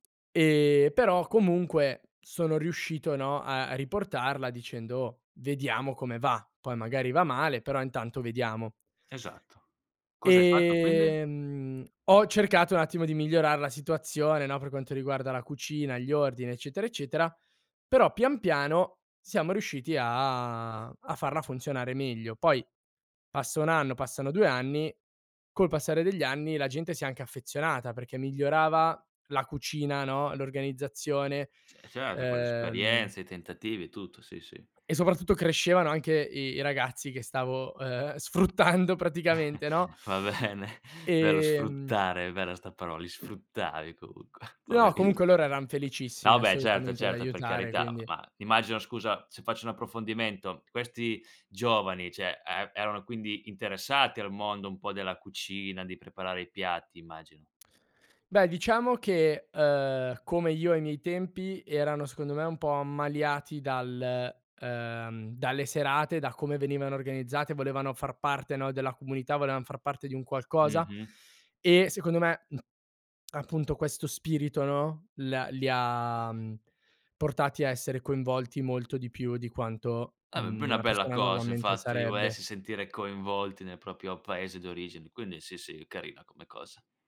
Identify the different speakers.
Speaker 1: Ehm, però comunque sono riuscito, no, ehm, a riportarla dicendo: "Oh, vediamo come va. Poi magari va male, però intanto vediamo".
Speaker 2: Esatto. Cos'hai fatto quindi?
Speaker 1: Ehm, ho cercato un attimo di migliorar la situazione, no, per quanto riguarda la cucina, gli ordini eccetera, eccetera, però pian piano siamo riusciti a a farla funzionare meglio. Poi, passa 1 anno, passano 2 anni, col passare degli anni la gente si è anche affezionata perché migliorava la cucina, no, l'organizzazione,
Speaker 2: Ce certo, con le
Speaker 1: ehm
Speaker 2: esperienze, i tentativi e tutto, sì, sì.
Speaker 1: E soprattutto crescevano anche i i ragazzi che stavo, ehm, sfruttando praticamente, no?
Speaker 2: Va bene, bello
Speaker 1: Ehm
Speaker 2: sfruttare, è bella 'sta parola, li sfruttavi comunque,
Speaker 1: No,
Speaker 2: poveri.
Speaker 1: comunque loro eran felicissimi
Speaker 2: No, beh, certo,
Speaker 1: assolutamente di
Speaker 2: certo, per
Speaker 1: aiutare
Speaker 2: carità,
Speaker 1: quindi
Speaker 2: ma immagino scusa se faccio un approfondimento, questi giovani, cioè e erano quindi interessati al mondo un po' della cucina, di preparare i piatti, immagino.
Speaker 1: Beh diciamo che, ehm, come io ai miei tempi, erano secondo me un po' ammaliati dal, ehm, dalle serate, da come venivano organizzate, volevano far parte, no, della comunità, volevan far parte di un qualcosa.
Speaker 2: Mh-mh.
Speaker 1: E secondo me m appunto questo spirito, no, le ha li ha, mhmm, portati a essere coinvolti molto di più di quanto,
Speaker 2: Ah beh, b
Speaker 1: mhmm,
Speaker 2: una
Speaker 1: una
Speaker 2: bella
Speaker 1: persona
Speaker 2: cosa
Speaker 1: normalmente
Speaker 2: infatti, il
Speaker 1: sarebbe.
Speaker 2: volersi sentire coinvolti nel proprio paese d'origine, quindi sì, sì, carina come cosa.